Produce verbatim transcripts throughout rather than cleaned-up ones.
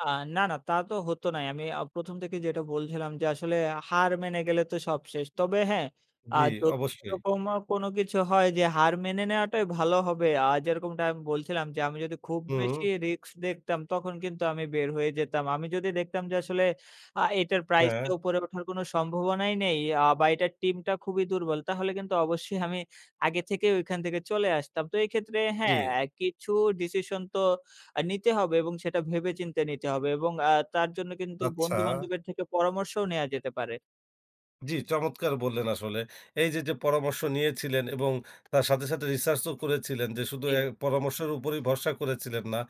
আ না, না, তা তো হতো নাই, আমি আ প্রথম থেকেই যেটা বলছিলাম যে, আসলে হার মেনে গেলে তো সব শেষ, তবে হ্যাঁ, আ জি, যদি অবশ্যই। এরকম আ কোনো কিছু হয় যে, হার মেনে নেওয়াটাই ভালো হবে, আ যেরকমটা আমি বলছিলাম যে, আমি যদি খুব হুম। বেশি রিস্ক দেখতাম, তখন কিন্তু আমি বের হয়ে যেতাম, আমি যদি দেখতাম যে, আসলে আ এটার প্রাইস টা হ্যাঁ। উপরে ওঠার কোন সম্ভাবনাই নেই। আ বা এটার টিমটা খুবই দুর্বল। তাহলে কিন্তু অবশ্যই আমি আগে থেকে ওখান থেকে চলে আসতাম। তো এক্ষেত্রে হ্যাঁ, জি। অ্যা কিছু ডিসিশন তো আ নিতে হবে এবং সেটা ভেবে চিন্তে নিতে হবে এবং আ তার জন্য কিন্তু আচ্ছা। বন্ধু-বান্ধবের থেকে পরামর্শও নেয়া যেতে পারে। জি, চমৎকার বললেন আসলে। এই যে, যে পরামর্শ নিয়েছিলেন এবং তার সাথে, সাথে রিসার্চ ও করেছিলেন যে শুধু অ্যা জি। পরামর্শের উপরই ভরসা করেছিলেন না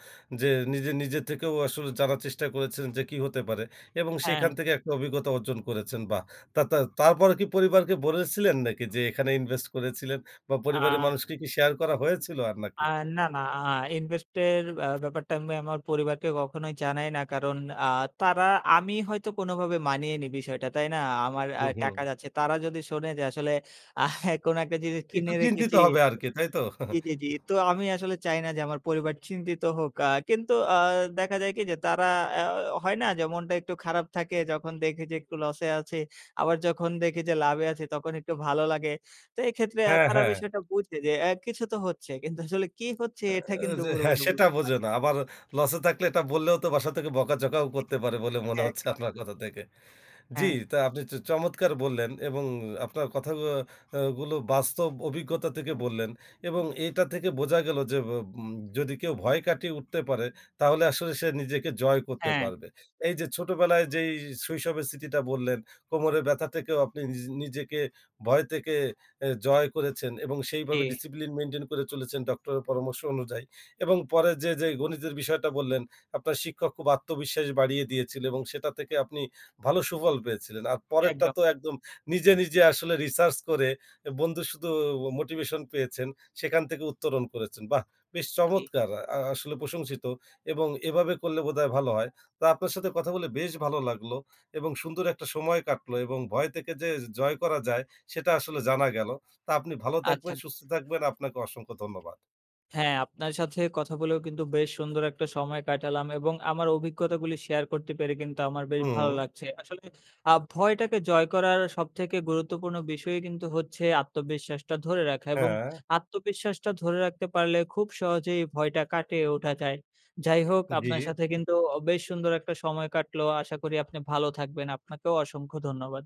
যে, নিজে, নিজে থেকেও আসলে জানার চেষ্টা করেছিলেন যে, কি হতে পারে এবং সেখান হ্যাঁ। থেকে একটা অভিজ্ঞতা অর্জন করেছেন বা তা তা তারপর কি পরিবারকে বলেছিলেন নাকি যে, এখানে ইনভেস্ট করেছিলেন? বা পরিবারের আ মানুষকে কি শেয়ার করা হয়েছিল আর আ নাকি? না, না, আ ইনভেস্ট এর আ ব্যাপারটা আমি আমার পরিবারকে কখনোই জানাই না। কারণ আ তারা আমি হয়তো কোনভাবে মানিয়ে নি বিষয়টা। তাই না? আমার আ হুম, হুম। টাকা যাচ্ছে। তারা যদি শোনে যে, আসলে আহ কোন একটা জিনিস একটু কিনে চিন্তিত রেখেছি হবে আরকি তাইতো? জি, জি, জি। তো আমি আসলে চাই না যে, আমার পরিবার চিন্তিত হোক। আ কিন্তু আ দেখা যায় কি যে, তারা আ হয় না যে, মনটা একটু খারাপ থাকে, যখন দেখে যে একটু [unintelligible] লস এ আছি, আবার যখন দেখি যে, লাভে আছি, তখন একটু ভালো লাগে। তো এক্ষেত্রে আ হ্যাঁ, তারা হ্যাঁ। বিষয়টা বুঝে যে, অ্যা কিছু তো হচ্ছে। কিন্তু আসলে কি হচ্ছে, আ এটা কিন্তু যে হ্যাঁ, পুরপুরি সেটা বুঝতে পারে না। বোঝেনা। আবার লস এ থাকলে এটা বললেও তো বাসা থেকে বকাঝকাও জি, করতে পারে বলে মনে হচ্ছে একদম, আপনার একদমই। কথা থেকে। জ্বি, হ্যাঁ। তা আপনি চ চমৎকার বললেন এবং আপনার কথাগুলো আ গুলো বাস্তব অভিজ্ঞতা থেকে বললেন। এবং এটা থেকে বোঝা গেল যে, ব বু ম যদি কেউ ভয় কাটিয়ে উঠতে পারে, তাহলে আসলে সে নিজেকে জয় করতে হ্যাঁ। পারবে। এই যে ছোটবেলায় যেই শৈশবের স্মৃতিটা বললেন, কোমরের ব্যাথা থেকেও আপনি নিজ নিজেকে ভয় থেকে অ্যা জয় করেছেন এবং জি। সেইভাবে ডিসিপ্লিন মেইনটেইন করে চলেছেন, ডক্টরের পরামর্শ অনুযায়ী এবং পরে যে, যে গণিতের বিষয়টা বললেন আপনার শিক্ষক খুব আত্মবিশ্বাস বাড়িয়ে দিয়েছিল এবং সেটা থেকে আপনি ভালো সুফল পেয়েছিলেন। আর পরেরটা একদম। তো একদম নিজে, নিজে আসলে রিসার্চ করে এ বন্ধু শুধু মোটিভেশন পেয়েছেন, সেখান থেকে উত্তরণ করেছেন। বাহ! বেশ জি। চমৎকার! আ আসলে প্রশংসিত এবং এভাবে করলে বোধহয় ভালো হয়। তো আপনার সাথে কথা বলে বেশ ভালো লাগলো এবং সুন্দর একটা সময় কাটলো এবং ভয় থেকে যে জয় করা যায়, সেটা আসলে জানা গেলো। তা আপনি ভালো আচ্ছা। থাকবেন, সুস্থ থাকবেন, আপনাকে অসংখ্য ধন্যবাদ। হ্যাঁ, আপনার সাথে কথা বলেও কিন্তু বেশ সুন্দর একটা সময় কাটালাম এবং আমার অভিজ্ঞতাগুলি শেয়ার করতে পেরে কিন্তু আমার বেশ ভালো হুম। লাগছে। আসলে আ ভয়টাকে জয় করার সবথেকে গুরুত্বপূর্ণ বিষয়ই কিন্তু হচ্ছে আত্মবিশ্বাসটা ধরে রাখা এবং হ্যাঁ। আত্মবিশ্বাসটা ধরে রাখতে পারলে খুব সহজেই ভয়টা কাটিয়ে ওঠা যায়। যাই হোক, আপনার জি। সাথে কিন্তু অ বেশ সুন্দর একটা সময় কাটলো। আশা করি আপনি ভালো থাকবেন, আপনাকেও অসংখ্য ধন্যবাদ।